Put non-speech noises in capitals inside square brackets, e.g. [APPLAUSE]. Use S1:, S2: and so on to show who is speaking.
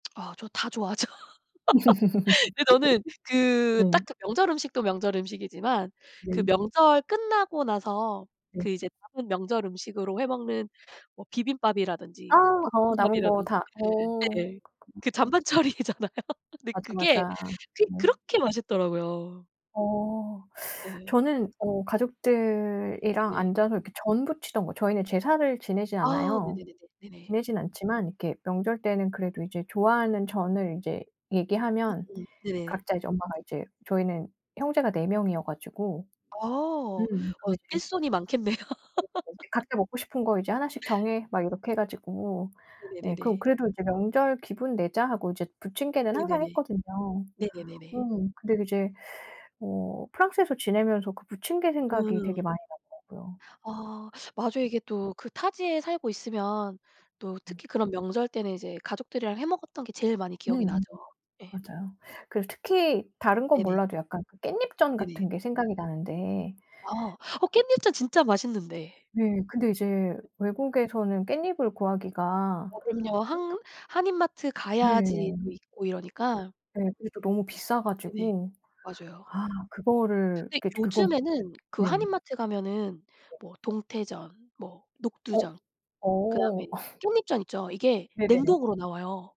S1: 아 저 다 좋아하죠. [LAUGHS] 근데 저는
S2: [LAUGHS]
S1: 그
S2: 네.
S1: 딱 그 명절 음식도 명절 음식이지만 그
S2: 네.
S1: 명절 끝나고 나서
S2: 네.
S1: 그 이제 남은 명절 음식으로 해 먹는 뭐
S2: 아.
S1: 비빔밥이라든지
S2: 어 남은 거
S1: 볶음밥이라든지
S2: 다 어.
S1: 네네. 그
S2: [UNINTELLIGIBLE]
S1: 잔반 처리잖아요. 근데
S2: 맞아,
S1: 그게,
S2: 맞아.
S1: 그게
S2: 음.
S1: 그렇게 맛있더라고요.
S2: 어.
S1: 네.
S2: 저는 어 가족들이랑
S1: 네네.
S2: 앉아서 이렇게 전 붙이던 거 저희는 제사를 지내지
S1: 아.
S2: 않아요.
S1: 네네네네. 네네.
S2: 지내진 않지만 이렇게 명절 때는 그래도 이제 좋아하는 전을 이제 얘기하면
S1: 으음 네네.
S2: 각자 이제 엄마가 이제 저희는 형제가 4 명이어가지고
S1: 아. 어
S2: 음 그게 제일
S1: 일손이 많겠네요.
S2: [UNINTELLIGIBLE]
S1: [LAUGHS]
S2: "각자 먹고 싶은 거 이제 1씩 정해." 막 이렇게 해 가지고 네. 그
S1: 네네네네.
S2: 그래도 이제 "명절 기분 내자."하고 이제 부침개는 항상
S1: 네네네.
S2: 했거든요.
S1: 네네네네.
S2: 음. 근데 이제 어 프랑스에서 지내면서 그 부침개 생각이 되게
S1: 음.
S2: 많이 나더라고요.
S1: 아. 맞아요 이게 또 그 타지에 살고 있으면 또
S2: 음.
S1: 특히 그런 명절 때는 이제 가족들이랑 해 먹었던 게 제일 많이 기억이
S2: 음.
S1: 나죠. 예.
S2: 맞아요. 그리고 특히 다른 건
S1: 네네.
S2: 몰라도 약간 깻잎전
S1: 네네.
S2: 같은 게 생각이 나는데
S1: 아. 어 깻잎전 진짜 맛있는데.
S2: 예. 근데 이제 외국에서는 깻잎을 구하기가
S1: 어 그럼요.
S2: 어
S1: 한 한인마트
S2: 네.
S1: 가야지 또 있고 이러니까.
S2: 네. 그게 또 너무 비싸
S1: 네네.
S2: 가지고
S1: 맞아요.
S2: 아 그거를
S1: 근데
S2: 그 이제 그건
S1: 요즘에는 그
S2: 네.
S1: 한인마트 가면은 뭐 동태전, 뭐
S2: 어.
S1: 녹두전, 그 다음에
S2: 어. [LAUGHS]
S1: 깻잎전 있죠? 이게
S2: 네네네.
S1: 냉동으로 나와요.